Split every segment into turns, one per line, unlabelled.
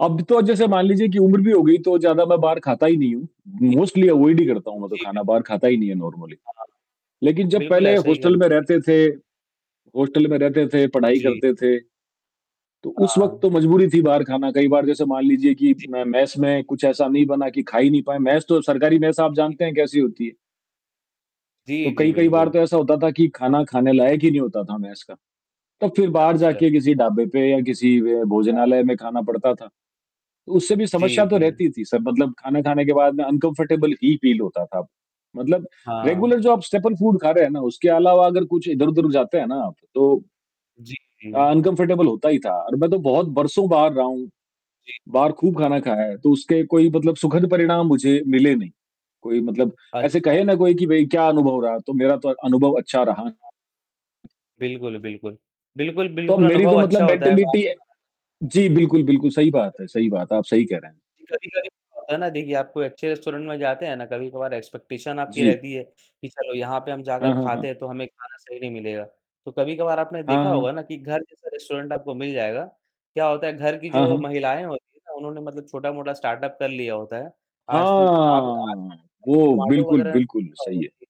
अब तो जैसे मान लीजिए कि उम्र भी हो गई तो ज़्यादा मैं बाहर खाता ही नहीं हूँ,
जी, जी।
मोस्टली अवॉयड ही करता हूँ मैं तो
जी,
खाना
बिल्कुल।
बाहर खाता ही नहीं है नॉर्मली,
हाँ।
लेकिन जब
बिल्कुल
पहले
ऐसा ही
हॉस्टल
करना
में
चाहिए।
रहते थे हॉस्टल में रहते थे, पढ़ाई
जी।
करते थे, तो उस वक़्त
हाँ।
तो मजबूरी थी बाहर खाना। कई बार जैसे मान लीजिए कि
जी,
म
जी।
मेस में कुछ ऐसा नहीं बना कि खा ही नहीं पाए, मेस तो सरकारी मेस आप
जी,
जानते हैं
जी।
कैसी होती है।
जी,
तो
जी।
कई-कई बार
बिल्कुल।
तो ऐसा होता था कि खाना खाने लायक ही नहीं होता था मेस का, तो फिर बाहर
अच्छा।
जाके किसी ढाबे पे या किसी
हाँ।
भोजनालय में खाना पड़ता था, उससे भी
जी,
समस्या तो
जी।
रहती थी सर, मतलब खाना, खाने के बाद अनकम्फर्टेबल
जी।
ही फील होता था, मतलब
हाँ।
रेगुलर जो आप स्टेपल फ़ूड खा रहे हैं ना उसके अलावा अगर कुछ इधर-उधर
जी।
जाते हैं ना आप तो अ,
जी।
अनकम्फर्टेबल होता ही था और मैं तो बहुत बरसों बाहर रहा हूँ,
जी।
बाहर खूब खाना खाया है तो उसके कोई मतलब सुखद परिणाम मुझे मिले नहीं, कोई मतलब ऐसे
अच्छा।
कहे ना कोई कि भाई क्या अनुभव रहा? तो मेरा तो अनुभव अच्छा रहा।
जी हाँ बिल्कुल, बिल्कुल। बिल्कुल,
तो
बिल्कुल।
मेरी तो
अनुभव
मतलब
अच्छा होता है बाहर
मेंटैलिटी
का खाना खाने का।
जी, बिल्कुल, बिल्कुल सही बात है सही
कभी-कभी
बात है। आप सही कह रहे हैं।
जी, कभी-कभी होता है ना देखिए आप कोई अच्छे रेस्टोरेंट में जाते हैं ना कभी-कभार एक्सपेक्टेशन आपकी
जी।
रहती है कि चलो यहाँ पे हम जाकर
हाँ, हाँ,
खाते
हाँ।
हैं, तो हमें खाना सही नहीं मिलेगा, तो कभी-कभार आपने
हाँ,
देखा होगा
हाँ।
ना कि घर जैसा रेस्टोरेंट आपको मिल जाएगा। क्या होता है घर की
हाँ,
जो
हाँ।
महिलाएँ होती हैं ना उन्होंने मतलब छोटा-मोटा स्टार्टअप कर लिया होता है, आज आप
हाँ!
[unintelligible]
वो
जोमाटो
बिल्कुल,
वग़ैरह में
बिल्कुल
देखा होगा
सही है।
कि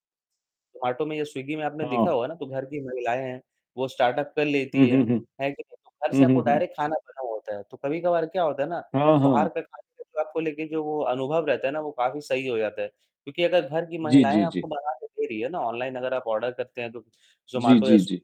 जोमाटो में या स्विग्गी में आपने देखा
हाँ।
होगा ना तो घर की महिलाएँ हैं, वो स्टार्टअप कर लेती
हुँ,
हैं,
हुँ, हुँ।
है कि नहीं? तो घर से
हुँ,
आपको
हुँ, हुँ।
डायरेक्ट खाना बना हुआ होता है। तो कभी-कभार क्या होता है ना
हाँ,
बाहर
हाँ।
का खाने का जो आपको लेके जो वो अनुभव रहता है ना वो काफ़ी सही हो जाता है, क्योंकि अगर घर की
जी,
महिलाएँ
जी,
आपको
जी।
बनाके दे रही है ना ऑनलाइन अगर आप आर्डर करते हैं, तो
जी,
जोमाटो या
जी,
स्व
जी।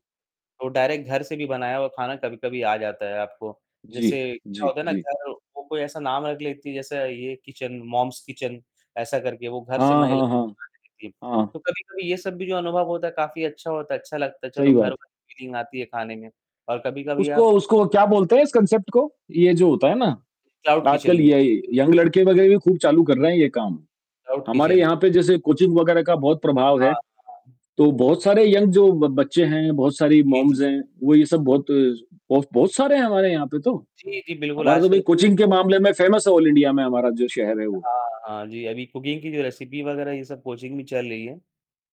तो डायरेक्ट घर से भी बनाया हुआ खाना कभी-कभी आ जाता है आपको, जैसे
जी,
क्या
जी,
होता है ना
जी।
घर को कोई ऐसा नाम रख लेती हैं जैसे ये किचन, मॉम्स किचन ऐसा करके वो घर से
हाँ,
महिलाएँ बनाके
हाँ।
देती हैं
हाँ।
तो कभी-कभी ये सब भी जो अनुभव होता है काफ़ी अच्छा होता है, अच्छा लगता है, चलो
सही
घर
बात।
वाली फीलिंग आती है खाने में और कभी-कभी
उसको
आप
उसको क्या बोलते हैं इस कॉन्सेप्ट को? ये जो होता है ना
क्लाउड
आजकल
किचन बोलते हैं।
ये यंग लड़के वगैरह भी खूब चालू कर रहे हैं ये काम।
क्लाउड
हमारे
किचन।
यहाँ पे जैसे कोचिंग वगैरह का बहुत प्रभाव है,
हाँ, हाँ।
तो बहुत सारे यंग जो बच्चे हैं, बहुत सारी
जी, जी।
मॉम्स हैं, वो ये सब बहुत ब बहुत सारे हैं हमारे यहाँ पे तो,
जी, जी। बिल्कुल
हमारा तो भाई
आजकल
कोचिंग के
[unintelligible]
मामले में फेमस है ऑल इंडिया में हमारा जो शहर है वो।
हाँ, हाँ। जी, अभी कुकिंग की जो रेसिपी वग़ैरह ये सब कोचिंग भी चल रही हैं,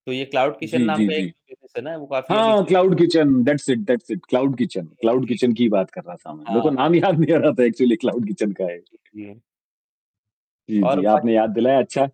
तो ये क्लाउड किचन
जी,
नाम
जी,
का एक
जी।
जो बिज़नेस है ना, वो काफ़ी अभी
हाँ,
चल रहा
क्लाउड
है।
Kitchen, that's it that's it, cloud kitchen
जी,
क्लाउड
जी।
किचन की ही बात कर रहा था मैं। मेरे
हाँ,
को
हाँ।
नाम याद नहीं आ रहा था एक्चुअली क्लाउड किचन का ये।
जी, जी।
जी,
और
जी
बाकी [unintelligible]
आपने याद दिलाया अच्छा।